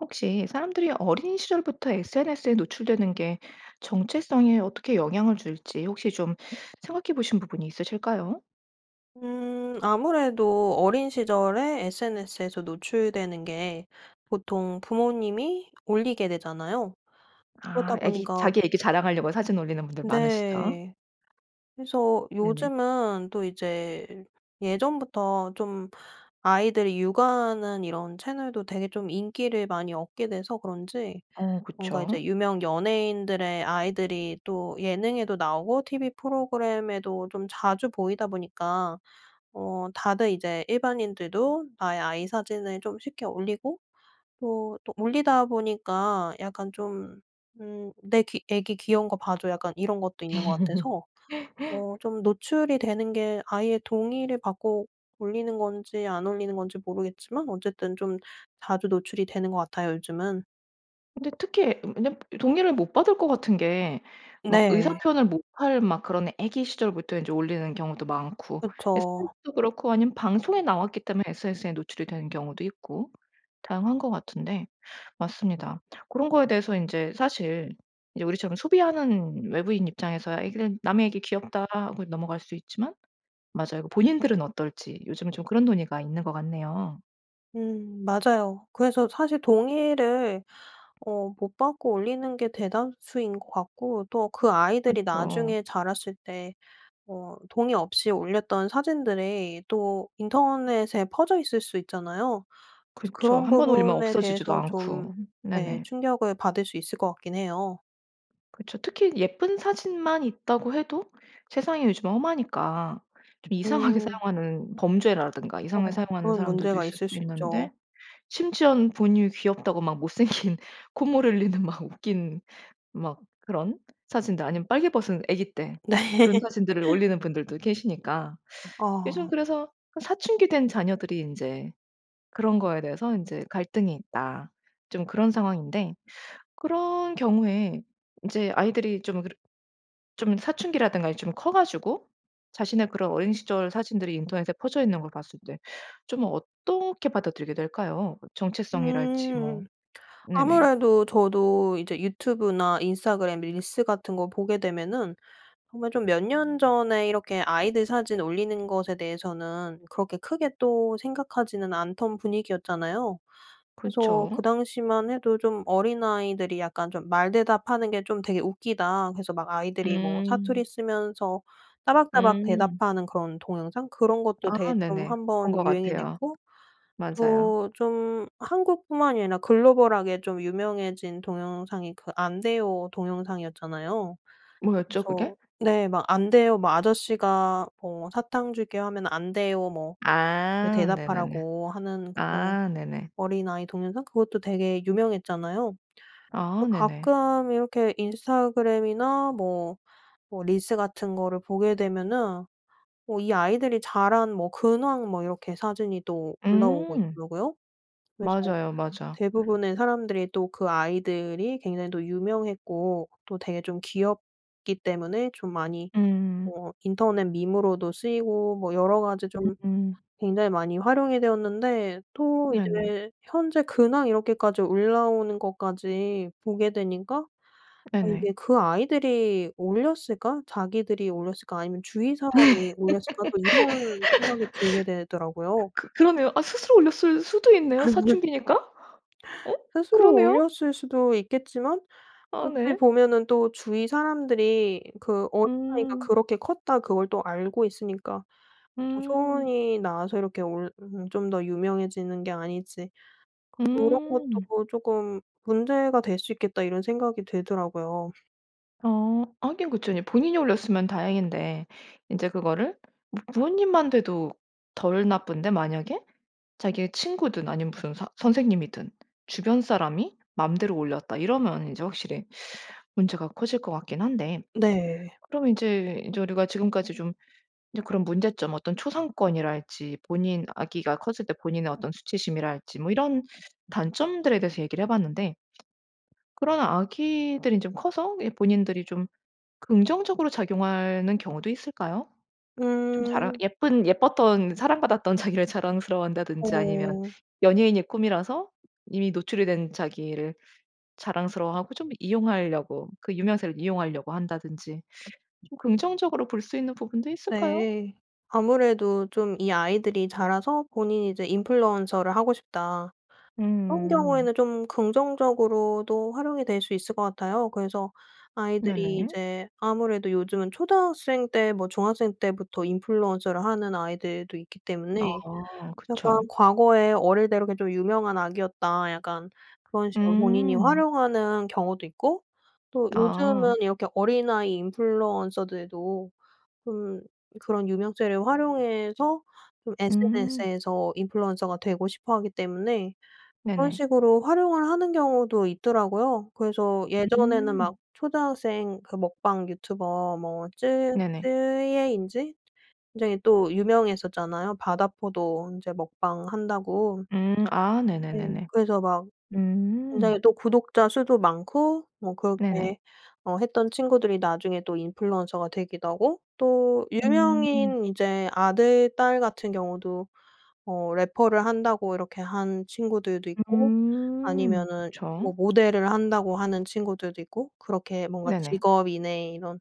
혹시 사람들이 어린 시절부터 SNS에 노출되는 게 정체성에 어떻게 영향을 줄지 혹시 좀 생각해 보신 부분이 있으실까요? 음 아무래도 어린 시절에 SNS에서 노출되는 게 보통 부모님이 올리게 되잖아요. 아. 그러다 아기 보니까 자기 아기 자랑하려고 사진 올리는 분들 많으시죠? 네. 그래서 네네. 요즘은 또 이제 예전부터 좀 아이들이 육아하는 이런 채널도 되게 좀 인기를 많이 얻게 돼서 그런지 어. 뭔가 그쵸. 이제 유명 연예인들의 아이들이 또 예능에도 나오고 TV 프로그램에도 좀 자주 보이다 보니까 어 다들 이제 일반인들도 나의 아이 사진을 좀 쉽게 올리고 또, 또 올리다 보니까 약간 좀 음 "내 귀 아기 귀여운 거 봐 줘." 약간 이런 것도 있는 것 같아서 어 좀 노출이 되는 게 아이의 동의를 받고 올리는 건지 안 올리는 건지 모르겠지만 어쨌든 좀 자주 노출이 되는 것 같아요 요즘은. 근데 특히 왜냐면 동의를 못 받을 것 같은 게 막 의사 네. 표현을 못 할 막 그런 아기 시절부터 인제 올리는 경우도 많고 그쵸. SNS도 그렇고 아니면 방송에 나왔기 때문에 SNS에 노출이 되는 경우도 있고 다양한 것 같은데 맞습니다. 고런 거에 대해서 인제 사실 이제 우리처럼 소비하는 외부인 입장에서야 아기들 남의 아기 "귀엽다." 하고 넘어갈 수 있지만 맞아요. 본인들은 어떨지 요즘에 좀 그런 논의가 있는 것 같네요. 음 맞아요. 그래서 사실 동의를 어 못 받고 올리는 게 대다수인 것 같고 또 그 아이들이 그쵸. 나중에 자랐을 때 어 동의 없이 올렸던 사진들이 또 인터넷에 퍼져 있을 수 있잖아요. 그래서 그쵸. 그런 1 번 올리면 부분에 없어지지도 대해서 좀 않고. 네. 네네. 충격을 받을 수 있을 것 같긴 해요. 그쵸. 특히 예쁜 사진만 있다고 해도 세상이 요즘 험하니까 좀 이상하게 음. 사용하는 범죄라든가 이상하게 어 사용하는 그런 사람들도 문제가 있을 있을 수 수 있죠. 있는데 심지어는 부모님이 귀엽다고 막 못생긴 콧물 흘리는 막 웃긴 막 그런 사진들 아니면 빨개 벗은 아기 때 네. 그런 사진들을 올리는 분들도 계시니까 즘 아. 그래서 그 '사춘기 된 자녀들이 인제 그런 거에 대해서 인제 갈등이 있다.' 좀 그런 상황인데 그런 경우에 인제 아이들이 좀 그러 좀 사춘기라든가 이 좀 커 가지고 자신의 그런 어린 시절 사진들이 인터넷에 퍼져 있는 걸 봤을 때 좀 어떻게 받아들이게 될까요? 정체성이랄지 뭐 음. 네네. 아무래도 저도 이제 유튜브나 인스타그램 릴스 같은 거 보게 되면은 정말 좀 몇 년 전에 이렇게 아이들 사진 올리는 것에 대해서는 그렇게 크게 또 생각하지는 않던 분위기였잖아요. 그래서 그 그쵸. 당시만 해도 좀 어린아이들이 약간 좀 말대답하는 게 좀 되게 웃기다. 그래서 막 아이들이 뭐 사투리 음. 쓰면서 따박따박 음. 대답하는 그런 동영상 그런 것도 아 되게 좀 네네. 1 본 번 것 유행이 같아요. 됐고 맞아요. 또 좀 한국뿐만이 아니라 글로벌하게 좀 유명해진 동영상이 그 "안 돼요." 동영상이었잖아요. 뭐였죠? 그래서 그게? 네 막 "안 돼요." 뭐 "아저씨가 뭐 사탕 줄게." 하면 "안 돼요." 뭐 아 네네네. 대답하라고 하는 그 아 네네. 어린아이 동영상 그것도 되게 유명했잖아요. 또 아 네네. 가끔 이렇게 인스타그램이나 뭐, 뭐 릴스 같은 거를 보게 되면은 뭐 이 아이들이 자란 뭐 근황 뭐 이렇게 사진이 또 올라오고 음. 있더라고요. 그래서 맞아요, 맞아. 대부분의 사람들이 또 그 아이들이 굉장히 또 유명했고 또 되게 좀 귀엽기 때문에 좀 많이 음. 뭐 인터넷 밈으로도 쓰이고 뭐 여러 가지 좀 음. 굉장히 많이 활용이 되었는데 또 네네. 이제 현재 근황 이렇게까지 올라오는 것까지 보게 되니까 아 이게 네네. '그 아이들이 올렸을까? 자기들이 올렸을까 아니면 주위 사람이 올렸을까?' 또 이런 생각이 들게 되더라고요. 그 그러네요. 아 스스로 올렸을 수도 있네요, 사춘기니까. 어? 스스로 그러네요. 올렸을 수도 있겠지만 아 어찌 네. 보면은 또 주위 사람들이 그 어린아이가 음. 그렇게 컸다 그걸 또 알고 있으니까 음. 여전히 나와서 이렇게 올 음 좀 더 유명해지는 게 아닐지. 그런 것도 음. 뭐 쪼끔 문제가 될 수 있겠다 이런 생각이 들더라고요. 어 하긴 그쵸. 이제 본인이 올렸으면 다행인데 인제 그거를 뭐 부모님만 돼도 덜 나쁜데 만약에 자기의 친구든 아니면 무슨 서 선생님이든 주변 사람이 마음대로 올렸다. 이러면 이제 확실히 문제가 커질 것 같긴 한데 네. 그럼 인제 인제 우리가 지금까지 좀 이제 그런 문제점 어떤 초상권이랄지 본인 아기가 커질 때 본인의 어떤 수치심이랄지 뭐 이런 단점들에 대해서 얘기를 해 봤는데 그러나 아기들이 좀 커서 예 본인들이 좀 긍정적으로 작용하는 경우도 있을까요? 좀 자랑 음. 예쁜 예뻤던 사랑받았던 자기를 자랑스러워한다든지 아니면 오. 연예인이 꿈이라서 이미 노출이 된 자기를 자랑스러워하고 좀 이용하려고 그 유명세를 이용하려고 한다든지 좀 긍정적으로 볼 수 있는 부분도 있을까요? 네. 아무래도 좀 이 아이들이 자라서 본인이 이제 인플루언서를 하고 싶다. 그런 음. 경우에는 좀 긍정적으로도 활용이 될 수 있을 것 같아요. 그래서 아이들이 네네. 이제 아무래도 요즘은 초등학생 때 뭐 중학생 때부터 인플루언서를 하는 아이들도 있기 때문에 어 약간 그쵸. 과거에 어릴 때 이렇게 좀 유명한 아기였다. 약간 그런 식으로 본인이 음. 활용하는 경우도 있고 또 아. 요즘은 이렇게 어린아이 인플루언서들도 좀 그런 유명세를 활용해서 좀 음. SNS에서 인플루언서가 되고 싶어 하기 때문에 그런 네네. 식으로 활용을 하는 경우도 있더라고요. 그래서 예전에는 음. 막 초등학생 그 먹방 유튜버 뭐 쯔 네네. 쯔예인지 굉장히 또 유명했었잖아요 바다포도 인제 먹방한다고. 음. 아. 네. 네네네네. 그래서 막 음. 굉장히 또 구독자 수도 많고 뭐 네네. 그렇게 어 했던 친구들이 나중에 또 인플루언서가 되기도 하고 또 음. 유명인 이제 아들 딸 같은 경우도 어 래퍼를 한다고 이렇게 한 친구들도 있고 음. 아니면은 뭐 그쵸. 모델을 한다고 하는 친구들도 있고 그렇게 뭔가 네네. 직업인의 이런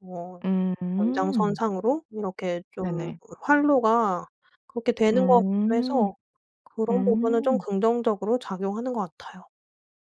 뭐 음. 연장선상으로 이렇게 좀 네네. 활로가 그렇게 되는 것 같기도 음. 해서 그런 부분은 좀 음. 긍정적으로 작용하는 것 같아요.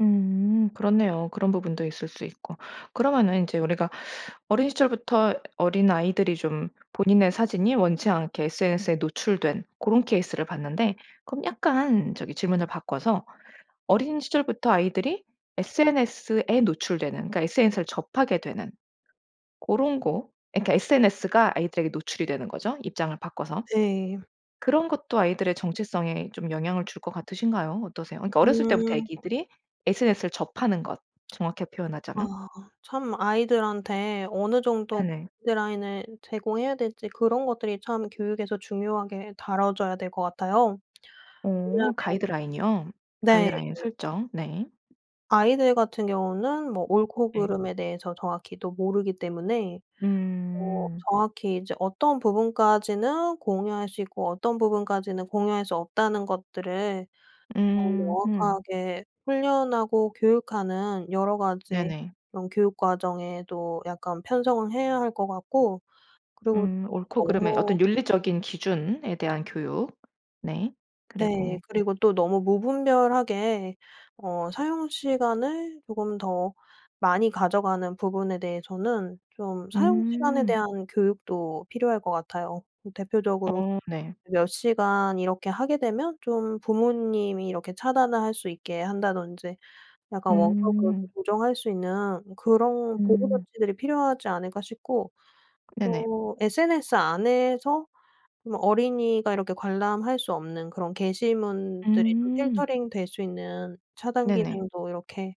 음 그렇네요. 그런 부분도 있을 수 있고. 그러면은 인제 우리가 어린 시절부터 어린아이들이 좀 본인의 사진이 원치 않게 SNS에 노출된 고런 케이스를 봤는데 그럼 약간 저기 질문을 바꿔서 어린 시절부터 아이들이 SNS에 노출되는 그러니까 SNS를 접하게 되는 고런 거 그러니까 SNS가 아이들에게 노출이 되는 거죠, 입장을 바꿔서. 네. 그런 것도 아이들의 정체성에 좀 영향을 줄 것 같으신가요? 어떠세요? 그러니까 어렸을 때부터 음. 아기들이 SNS를 접하는 것, 정확히 표현하자면. 아 참 아이들한테 어느 정도 네네. 가이드라인을 제공해야 될지 그런 것들이 참 교육에서 중요하게 다뤄져야 될 것 같아요. 왜냐면 어 가이드라인이요, 네. 가이드라인 설정. 네. 아이들 같은 경우는 뭐 옳고 예. 그름에 대해서 정확히도 모르기 때문에 뭐 음. '정확히 이제 어떤 부분까지는 공유할 수 있고 어떤 부분까지는 공유할 수 없다.'는 것들을 어 음 음. 명확하게 훈련하고 교육하는 여러 가지 네네. 그런 교육 과정에도 약간 편성을 해야 할 것 같고 그리고 음. 옳고 그름의 너무 어떤 윤리적인 기준에 대한 교육. 네. 그리고 네. 그리고 또 너무 무분별하게 어 사용시간을 조금 더 많이 가져가는 부분에 대해서는 좀 사용시간에 음. 대한 교육도 필요할 것 같아요. 대표적으로 어 네. 몇 시간 이렇게 하게 되면 좀 부모님이 이렇게 차단을 할 수 있게 한다든지 약간 '원격으로 좀 음. 조정할 수 있는 그런 보호 음. 조치들이 필요하지 않을까.' 싶고 네네. 또 SNS 안에서 좀 어린이가 이렇게 관람할 수 없는 그런 게시문들이 좀 음. 필터링 될 수 있는 차단 네네. 기능도 이렇게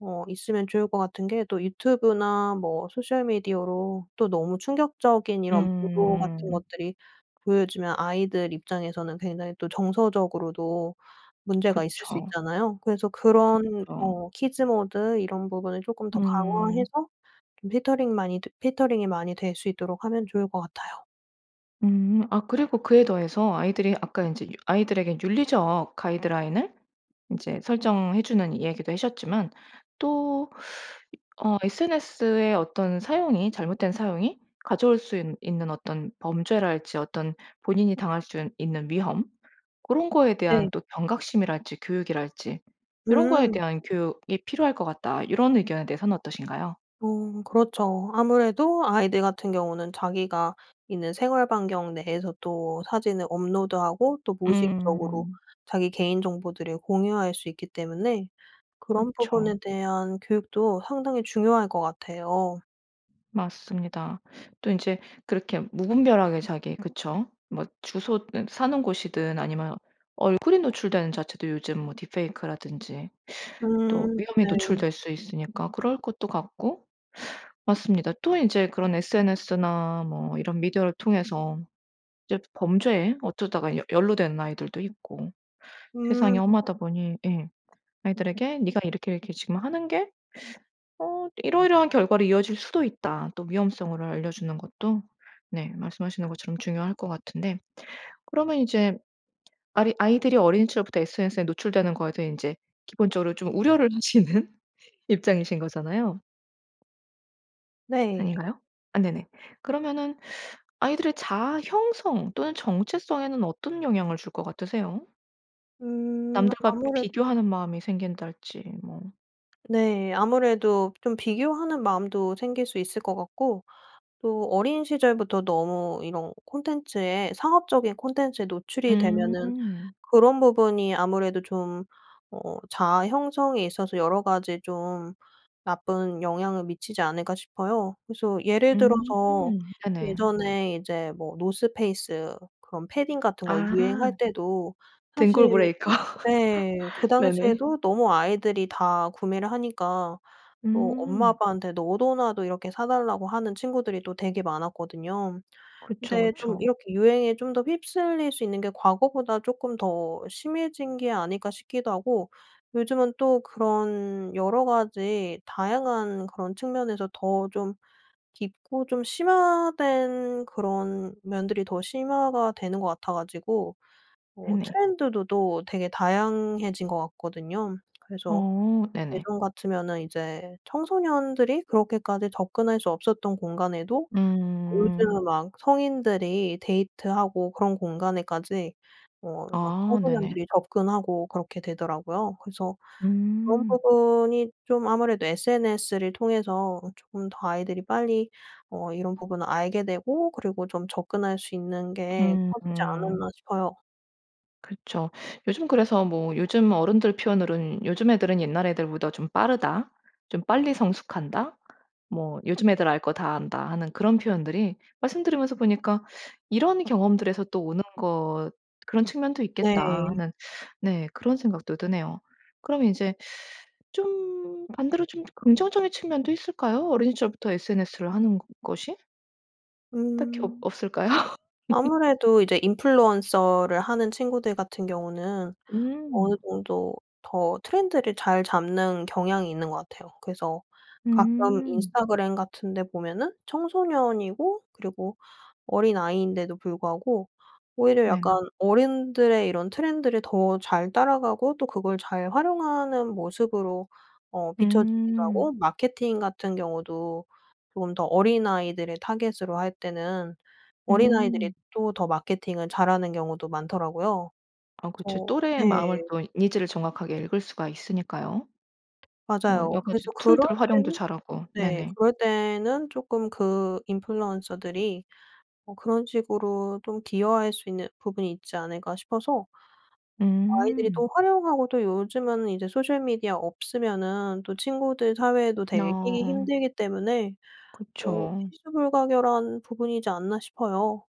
어 있으면 좋을 것 같은 게 또 유튜브나 뭐 소셜미디어로 또 너무 충격적인 이런 보도 같은 음. 것들이 보여지면 아이들 입장에서는 굉장히 또 정서적으로도 문제가 있을 수 그쵸. 있잖아요. 그래서 그런 그쵸. 뭐 키즈 모드 이런 부분을 쪼끔 더 음. 강화해서 좀 필터링 많이 필터링이 많이 될 수 있도록 하면 좋을 것 같아요. 음. 아 그리고 그에 더해서 아이들이 아까 인제 유 아이들에게 윤리적 가이드라인을 인제 설정해 주는 이야기도 해셨지만 또 이 어 "SNS의 어떤 사용이 잘못된 사용이 가져올 수 있 있는 어떤 범죄랄지 어떤 본인이 당할 순 있는 위험 고런 거에 네. 대한 또 경각심이랄지 교육이랄지 요런 거에 음. 대한 교육이 필요할 것 같다." 요런 의견에 대해서는 어떠신가요? 어 그렇죠. 아무래도 아이들 같은 경우는 자기가 있는 생활 반경 내에서 또 사진을 업로드하고 또 무의식적으로 음. 자기 개인정보들을 공유할 수 있기 때문에 그런 부분에 그쵸. 대한 교육도 상당히 중요할 것 같아요. 맞습니다. 또 인제 그렇게 무분별하게 자기 그쵸. 뭐 주소든 사는 곳이든 아니면 얼굴이 노출되는 자체도 요즘 뭐 딥페이크라든지 또 음. 위험에 네. 노출될 수 있으니까 그럴 것도 같고. 맞습니다. 또 이제 그런 SNS나 뭐 이런 미디어를 통해서 이제 범죄에 어쩌다가 여 연루된 아이들도 있고 세상이 음. 험하다 보니 예 아이들에게 "네가 이렇게 이렇게 지금 하는 게 어 이러이러한 결과로 이어질 수도 있다." 또 위험성을 알려주는 것도 네 말씀하시는 것처럼 중요할 것 같은데 그러면 이제 아리 아이들이 어린 시절부터 SNS에 노출되는 거에 대해 인제 기본적으로 좀 우려를 하시는 입장이신 거잖아요? 네. 아닌가요? 아 네네. 그러면은 아이들의 자아 형성 또는 정체성에는 어떤 영향을 줄 것 같으세요? 음 남들과 아무래도 비교하는 마음이 생긴달지 뭐. 네. 아무래도 좀 비교하는 마음도 생길 수 있을 것 같고 또 어린 시절부터 너무 이런 콘텐츠에 상업적인 콘텐츠에 노출이 되면은 음. 그런 부분이 아무래도 좀 어 자아 형성에 있어서 여러 가지 좀 나쁜 영향을 미치지 않을까 싶어요. 그래서 예를 음. 들어서 네네. 예전에 이제 뭐 노스페이스 그런 패딩 같은 것 유행할 아. 때도 사실 등골 브레이커. 네. 그 네네. 당시에도 너무 아이들이 다 구매를 하니까 뭐 엄마 음. 아빠한테 너도나도 이렇게 "사달라."고 하는 친구들이 또 되게 많았거든요. 그쵸, 근데 좀 그쵸. 이렇게 유행에 좀 더 휩쓸릴 수 있는 게 과거보다 쪼끔 더 심해진 게 아닐까 싶기도 하고 요즘은 또 그런 여러 가지 다양한 그런 측면에서 더 좀 깊고 좀 심화된 그런 면들이 더 심화가 되는 것 같아 가지고 어 네네. 트렌드도 또 되게 다양해진 것 같거든요. 그래서 어 네네. 예전 같으면은 이제 청소년들이 그렇게까지 접근할 수 없었던 공간에도 음. 요즘은 막 성인들이 데이트하고 그런 공간에까지 어 막 아 네네. 청소년들이 접근하고 그렇게 되더라고요. 그래서 그런 음. 부분이 좀 아무래도 SNS를 통해서 쪼끔 더 아이들이 빨리 어 이런 부분을 알게 되고 그리고 좀 접근할 수 있는 게 커지지 음. 않았나 싶어요. 그쵸. 요즘 그래서 뭐 요즘 어른들 표현으로는 "요즘 애들은 옛날 애들보다 좀 빠르다. 좀 빨리 성숙한다." 뭐 "요즘 애들 알 거 다 안다." 하는 그런 표현들이 말씀 들으면서 보니까 '이런 경험들에서 또 오는 거 그런 측면도 있겠다.' 네. 하는 네 그런 생각도 드네요. 그럼 이제 좀 반대로 좀 긍정적인 측면도 있을까요? 어린 시절부터 SNS를 하는 것 것이? 딱히 없 음. 없을까요? 아무래도 이제 인플루언서를 하는 친구들 같은 경우는 어느 음. 정도 더 트렌드를 잘 잡는 경향이 있는 것 같아요. 그래서 가끔 음. 인스타그램 같은 데 보면은 청소년이고 그리고 어린아이인데도 불구하고 오히려 약간 네. 어른들의 이런 트렌드를 더 잘 따라가고 또 그걸 잘 활용하는 모습으로 어 비춰지기도 음. 하고 마케팅 같은 경우도 조금 더 어린아이들을 타깃으로 할 때는 어린아이들이 음. 또 더 마케팅을 잘하는 경우도 많더라고요. 아 그쵸. 그래서 또래의 마음을 네. 또 니즈를 정확하게 읽을 수가 있으니까요. 뭐 맞아요. 여러 가지 그래서 그럴 툴들 활용도 때는 잘하고. 네 네네. 그럴 때는 쪼끔 그 인플루언서들이 뭐 그런 식으로 좀 기여할 수 있는 부분이 있지 않을까 싶어서 아이들이 음. 또 활용하고 또 요즘에는 이제 소셜 미디어 없으면은 또 친구들 사회에도 되게 끼기 어. 힘들기 때문에 어 그쵸. '필수불가결한 부분이지 않나.' 싶어요.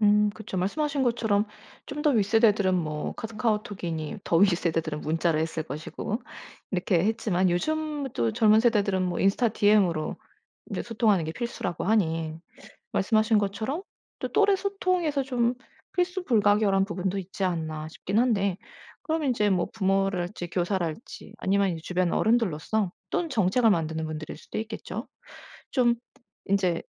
음 그쵸. 말씀하신 것처럼 좀 더 윗세대들은 뭐 카 카오톡이니 더 윗세대들은 문자를 했을 것이고 이렇게 했지만 요즘 또 젊은 세대들은 뭐 인스타 DM으로 인제 소통하는 게 필수라고 하니 말씀하신 것처럼 또 '또래 소통에서 좀 필수불가결한 부분도 있지 않나.' 싶긴 한데 그럼 인제 뭐 부모랄지 교사랄지 아니면 이제 주변 어른들로서 또는 정책을 만드는 분들일 수도 있겠죠. 좀 인제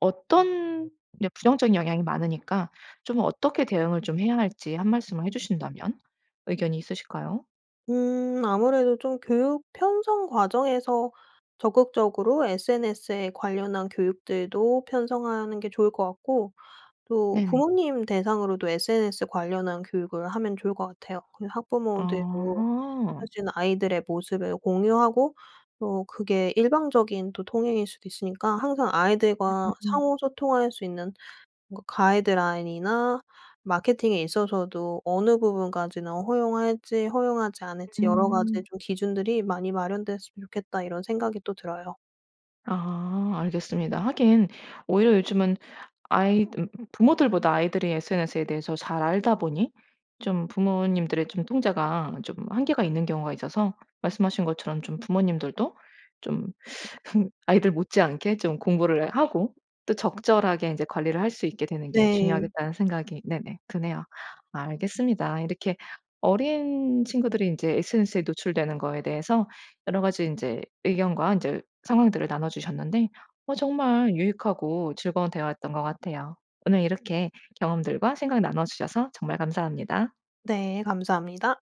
어떤 이제 부정적인 영향이 많으니까 좀 어떻게 대응을 좀 해야 할지 1 말씀을 해주신다면 의견이 있으실까요? 음. 아무래도 좀 교육 편성 과정에서 적극적으로 SNS에 관련한 교육들도 편성하는 게 좋을 것 같고 또 네네. 부모님 대상으로도 SNS 관련한 교육을 하면 좋을 것 같아요. 그 학부모들도 아하. 사실 아이들의 모습을 공유하고 또 그게 일방적인 또 통행일 수도 있으니까 항상 아이들과 음. 상호 소통할 수 있는 뭔가 '가이드라인이나 마케팅에 있어서도 어느 부분까지는 허용할지 허용하지 않을지 여러 음. 가지 좀 기준들이 많이 마련됐으면 좋겠다.' 이런 생각이 또 들어요. 아. 알겠습니다. 하긴 오히려 요즘은 아이들 부모들보다 아이들이 SNS에 대해서 잘 알다 보니 좀 부모님들의 좀 통제가 좀 한계가 있는 경우가 있어서 말씀하신 것처럼 좀 '부모님들도 좀 아이들 못지않게 좀 공부를 하고 또 적절하게 인제 관리를 할 수 있게 되는 게 네. 중요하겠다.'는 생각이 네네 드네요. 알겠습니다. 이렇게 어린 친구들이 인제 SNS에 노출되는 거에 대해서 여러 가지 인제 의견과 인제 상황들을 나눠 주셨는데 어 정말 유익하고 즐거운 대화였던 것 같아요. 오늘 이렇게 경험들과 생각 나눠 주셔서 정말 감사합니다. 네 감사합니다.